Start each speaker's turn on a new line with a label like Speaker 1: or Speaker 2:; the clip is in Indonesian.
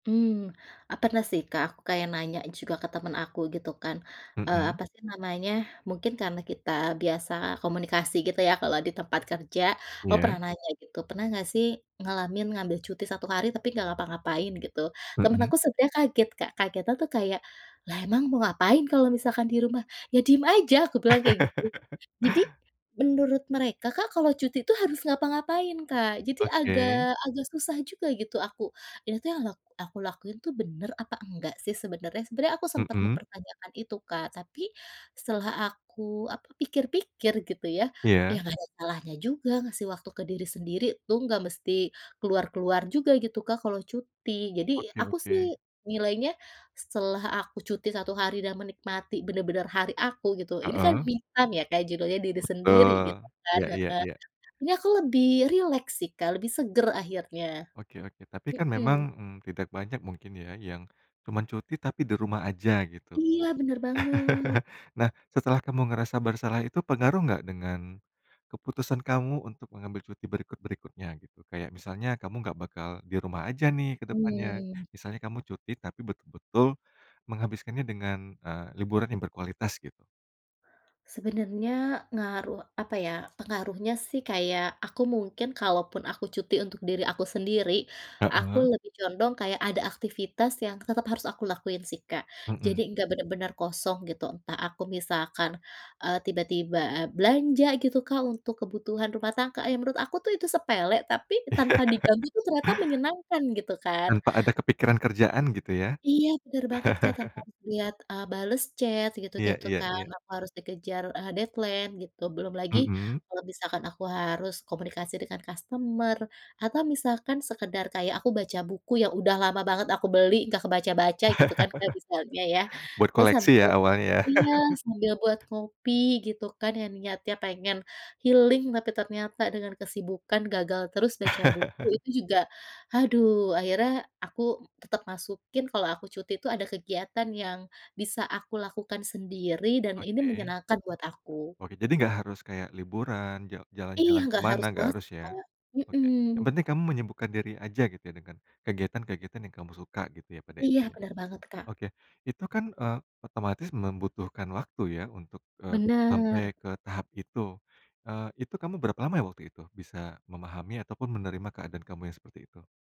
Speaker 1: Mmm, eee, pernah sih Kak aku kayak nanya juga ke teman aku gitu kan, eee,
Speaker 2: Mhm.
Speaker 1: apa sih namanya, mungkin karena kita biasa komunikasi gitu ya kalau di tempat kerja, gua
Speaker 2: Iya.
Speaker 1: pernah nanya gitu, "Pernah enggak sih, ngalamin ngambil cuti 1 hari tapi nggak ngapa-ngapain, gitu?" Teman
Speaker 2: Mhm.
Speaker 1: aku sebenarnya kaget Kak, kagetnya tuh kayak, "Lah emang mau ngapain kalau misalkan di rumah?" "Ya diem aja," aku bilang kayak gitu. Jadi, menurut mereka Kak kalau cuti tuh harus ngapa-ngapain Kak, jadi
Speaker 2: Oke.
Speaker 1: agak agak susah juga gitu aku, "Ini tuh yang ak aku lakuin tuh bener apa enggak sih sebenarnya?" Sebenarnya aku sempat
Speaker 2: Mhm.
Speaker 1: mempertanyakan itu Kak tapi setelah aku, apa, pikir-pikir gitu ya, ya
Speaker 2: Iya.
Speaker 1: enggak ada salahnya juga ngasih waktu ke diri sendiri, "lu enggak mesti keluar-keluar juga" gitu Kak kalau cuti. Jadi
Speaker 2: Oke
Speaker 1: aku
Speaker 2: oke.
Speaker 1: sih nilainya setelah aku cuti 1 hari dan menikmati benar-benar hari aku gitu, ini kan
Speaker 2: Heeh.
Speaker 1: me time ya Kak judulnya diri sendiri gitu
Speaker 2: Betul.
Speaker 1: kan,
Speaker 2: Iya iya
Speaker 1: heeh,
Speaker 2: iya.
Speaker 1: ini aku lebih rileks sih Kak, lebih segar akhirnya.
Speaker 2: Oke oke tapi kan memang,
Speaker 1: Mhm.
Speaker 2: mmm, tidak banyak mungkin ya yang cuma, cuti tapi di rumah aja gitu.
Speaker 1: Iya, benar banget.
Speaker 2: Nah setelah kamu ngerasa bersalah itu pengaruh enggak dengan keputusan kamu untuk mengambil cuti berikut-berikutnya, gitu. Kayak misalnya kamu enggak bakal di rumah aja nih ke depannya,
Speaker 1: Mmm.
Speaker 2: misalnya kamu cuti tapi betul-betul menghabiskannya dengan, eee, liburan yang berkualitas gitu.
Speaker 1: Sebenarnya ngaruh, apa ya, pengaruhnya sih kayak aku mungkin kalau pun aku cuti untuk diri aku sendiri, aku
Speaker 2: Heeh.
Speaker 1: lebih condong kayak ada aktivitas yang tetap harus aku lakuin sih, Kak. Jadi
Speaker 2: Mhm.
Speaker 1: enggak benar-benar kosong gitu entah aku misalkan, eee, tiba-tiba a belanja gitu Kak untuk kebutuhan rumah tangga, ya menurut aku tuh itu sepele tapi
Speaker 2: Iya.
Speaker 1: tanpa diganggu tuh ternyata menyenangkan gitu kan.
Speaker 2: Tanpa ada kepikiran kerjaan gitu ya?
Speaker 1: Iya benar banget Kak, tanpa harus lihat, eee, bales chat
Speaker 2: Iya
Speaker 1: gitu-gitu
Speaker 2: iya
Speaker 1: kan,
Speaker 2: iya.
Speaker 1: aku harus dikejar, eee, deadline gitu, belum lagi
Speaker 2: Mhm.
Speaker 1: kalau misalkan aku harus komunikasi dengan customer, atau misalkan sekedar kayak aku baca buku yang udah lama banget aku beli, nggak kebaca-baca gitu kan kayak misalnya ya,
Speaker 2: Buat
Speaker 1: terus
Speaker 2: koleksi
Speaker 1: sambil
Speaker 2: ya awalnya?
Speaker 1: iya, sambil buat ngopi gitu kan yang niatnya pengen healing, tapi ternyata dengan kesibukan gagal terus baca buku, itu juga, aduh, akhirnya aku tetap masukin kalau aku cuti itu ada kegiatan yang bisa aku lakukan sendiri dan ini
Speaker 2: Oke.
Speaker 1: menyenangkan buat aku.
Speaker 2: Oke, jadi nggak harus kayak liburan ja jalan
Speaker 1: Iya,
Speaker 2: jalan ke
Speaker 1: nggak
Speaker 2: mana,
Speaker 1: harus
Speaker 2: enggak
Speaker 1: banget
Speaker 2: harus
Speaker 1: sih,
Speaker 2: ya?
Speaker 1: Kak.
Speaker 2: Oke, yang
Speaker 1: Mhm.
Speaker 2: penting kamu menyembuhkan diri aja gitu ya dengan kegiatan-kegiatan yang kamu suka gitu ya
Speaker 1: Iya
Speaker 2: intinya.
Speaker 1: benar banget, Kak.
Speaker 2: Oke, itu kan, eee, otomatis membutuhkan waktu ya untuk, eee, sampai
Speaker 1: Benar.
Speaker 2: ke tahap itu, eee, itu kamu berapa lama ya waktu itu, bisa memahami ataupun menerima keadaan kamu yang seperti itu?